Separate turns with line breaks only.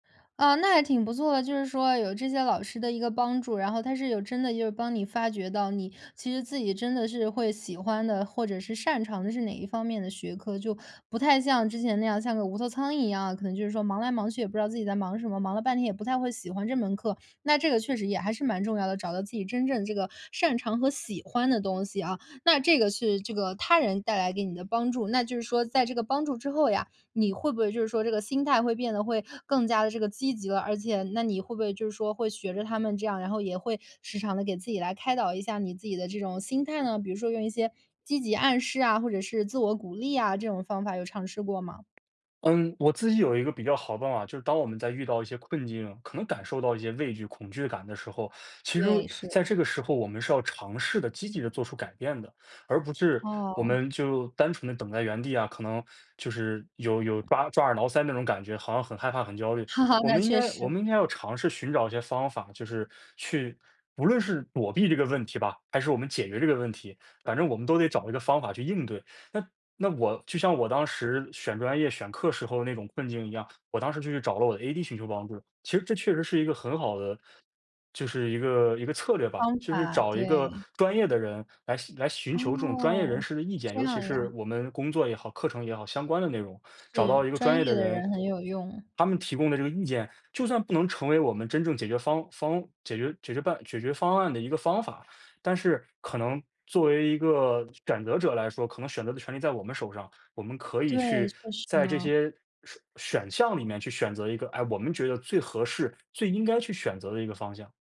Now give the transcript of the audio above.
呃，那还挺不错的，就是说有这些老师的一个帮助，然后他是有真的就是帮你发掘到你其实自己真的是会喜欢的，或者是擅长的是哪一方面的学科，就不太像之前那样像个无头苍蝇一样，可能就是说忙来忙去也不知道自己在忙什么，忙了半天也不太会喜欢这门课，那这个确实也还是蛮重要的，找到自己真正这个擅长和喜欢的东西啊。那这个是这个他人带来给你的帮助，那就是说在这个帮助之后呀，你会不会就是说这个心态会变得会更加地这个积极了，而且那你会不会就是说会学着他们这样，然后也会时常地给自己来开导一下你自己的这种心态呢，比如说用一些积极暗示啊，或者是自我鼓励啊，这种方法有尝试过吗？
嗯，我自己有一个比较好的办法，就是当我们在遇到一些困境，可能感受到一些畏惧恐惧感的时候，其实
对，是。
在这个时候，我们是要尝试地积极地做出改变的，而不是我
哦。
们就单纯地等在原地啊，可能就是有有抓抓耳挠腮那种感觉好像很害怕，很焦虑。我
那
们应
确
该我
实。
们应该要尝试寻找一些方法，就是去，无论是躲避这个问题吧，还是我们解决这个问题，反正我们都得找一个方法去应对。那那我就像我当时选专业选课时候的那种困境一样，我当时就去找了我的 ad 寻求帮助，其实这确实是一个很好的就是一个一个策略吧，
方
就是
法，
找一个
对。
专业的人来来寻求这种专业人
哦，
士的意见，
这
尤其
样
是
呀。
我们工作也好，课程也好，相关的内容，找
是，
到一个专
专
业的
业的
人
人很有用。
他们提供的这个意见，就算不能成为我们真正解决方方解决解决办解决方案的一个方法。但是可能作为一个选择者来说，可能选择的权利在我们手上，我们可以
对，
去
确实
在这
呢。
些选选项里面去选择一个，哎，我们觉得最合适最应该去选择的一个方向。